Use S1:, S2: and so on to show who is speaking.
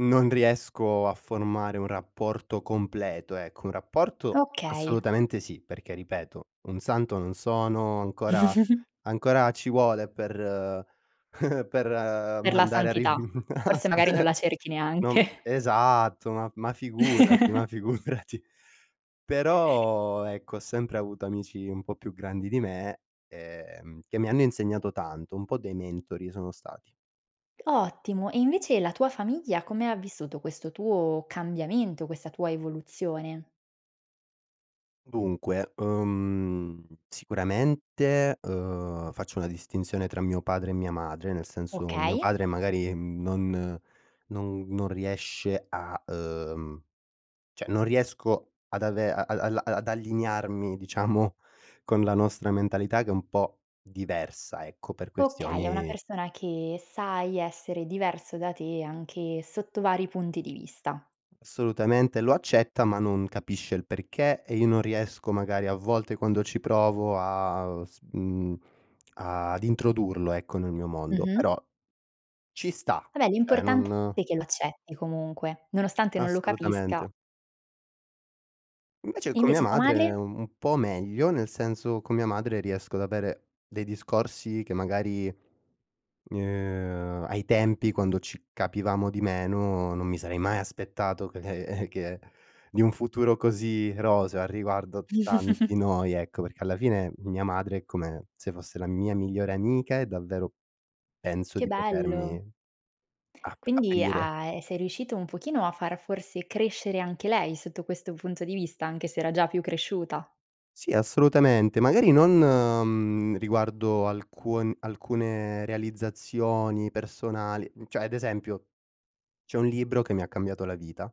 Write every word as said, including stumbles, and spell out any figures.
S1: Non riesco a formare un rapporto completo, ecco; un rapporto,
S2: Okay.
S1: assolutamente sì, perché, ripeto, un santo non sono, ancora ancora ci vuole per per
S2: Per la
S1: mandare a rif.
S2: santità. Forse magari non la
S1: [unintelligible]
S2: cerchi
S1: No, m
S2: neanche.
S1: esatto, ma ma figurati, ma figurati. Però, ecco, ho sempre avuto amici un po' più grandi di me, ehm, che mi hanno insegnato tanto, un po' dei mentori sono stati.
S2: Ottimo, e invece la tua famiglia come ha vissuto questo tuo cambiamento, questa tua evoluzione?
S1: Dunque, uhm, sicuramente, uhm, faccio una distinzione tra mio padre e mia madre, nel senso, mio
S2: Okay.
S1: padre magari non non non riesce a uhm, ceh non riesco ad ave a al ad allinearmi diciamo con la nostra mentalità, che è un po' diversa, ecco, per
S2: Okay, è una
S1: questioni
S2: persona che sai essere diverso da te, anche sotto vari punti di vista.
S1: Assolutamente, lo accetta, ma non capisce il perché, e io non riesco, magari, a volte quando ci provo a s mhmm, ad introdurlo, ecco, nel mio mondo.
S2: Mh-mh.
S1: Però ci sta,
S2: Vabbè,
S1: ceh
S2: l'importante
S1: non
S2: è che l'accetti comunque, nonostante non lo capisca.
S1: Assolutamente. Invece con mia
S2: Invece tua
S1: madre,
S2: madre?
S1: un po' meglio, nel senso, con mia madre riesco ad avere dei discorsi che, magari, uhm, ai tempi, quando ci capivamo di meno, non mi sarei mai aspettato che che di un futuro così roseo, a riguardo tanti noi, ecco, perché, alla finec, mia madre, è come se fosse la mia migliore amica e davvero penso
S2: Che
S1: di potermi
S2: bello.
S1: ap
S2: Quindi,
S1: aprire.
S2: a ehm, sei riuscito un pochino a far forse crescere anche lei, sotto questo punto di vista, anche se era già più cresciuta?
S1: Sì, assolutamente. Magari non, mhmm, riguardo alcun alcune realizzazioni personali, ceh, ad esempio, c'è un libro che mi ha cambiato la vita.